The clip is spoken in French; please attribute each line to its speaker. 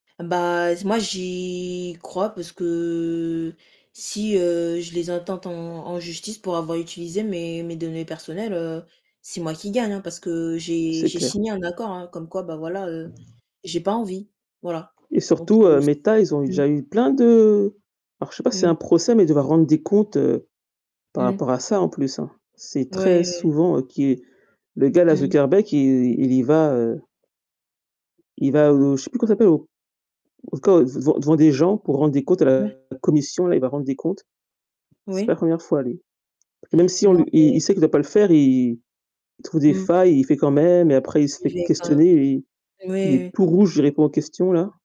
Speaker 1: Bah z moi j'y crois parce que si, heu, je les intente en en justice pour avoir utilisé mes mes données personnelles, heu, c'est moi qui gagne, hein. Parce que j'ai
Speaker 2: C'est
Speaker 1: j'ai
Speaker 2: clair.
Speaker 1: signé un accord hein. Comme quoi bah voilà, heu, j'ai pas envie. Voilà
Speaker 2: Et
Speaker 1: donc
Speaker 2: surtout,
Speaker 1: heu,
Speaker 2: heu,
Speaker 1: s
Speaker 2: Méta, ils ont eu
Speaker 1: mmh.
Speaker 2: déjà eu plein de alors je sais pas si c'est
Speaker 1: Mmh.
Speaker 2: un procès mais devoir rendre des comptes, par
Speaker 1: Mmh.
Speaker 2: rapport à ça, en plus hein. C'est
Speaker 1: Ouais,
Speaker 2: très
Speaker 1: ouais.
Speaker 2: souvent, heu, qui le gars-là,
Speaker 1: Mmh.
Speaker 2: Zuckerbeck, il il y va heu il va, heu, je sais plus comment ça s'appelle? Au en tout cas devant devant devant des gens pour rendre des comptes à
Speaker 1: Ouais.
Speaker 2: la commission, là, il va rendre des comptes. C'est pas
Speaker 1: Oui.
Speaker 2: la 1re fois lui. Même si on
Speaker 1: Non,
Speaker 2: lui il il
Speaker 1: mais
Speaker 2: sait qu'il ne doit pas le faire, il il trouve des
Speaker 1: Mmh.
Speaker 2: failles et il fait quand même et après il se fait
Speaker 1: Juger quand même.
Speaker 2: questionner, il est il est
Speaker 1: Oui, oui.
Speaker 2: tout rouge, il répond aux questions-là.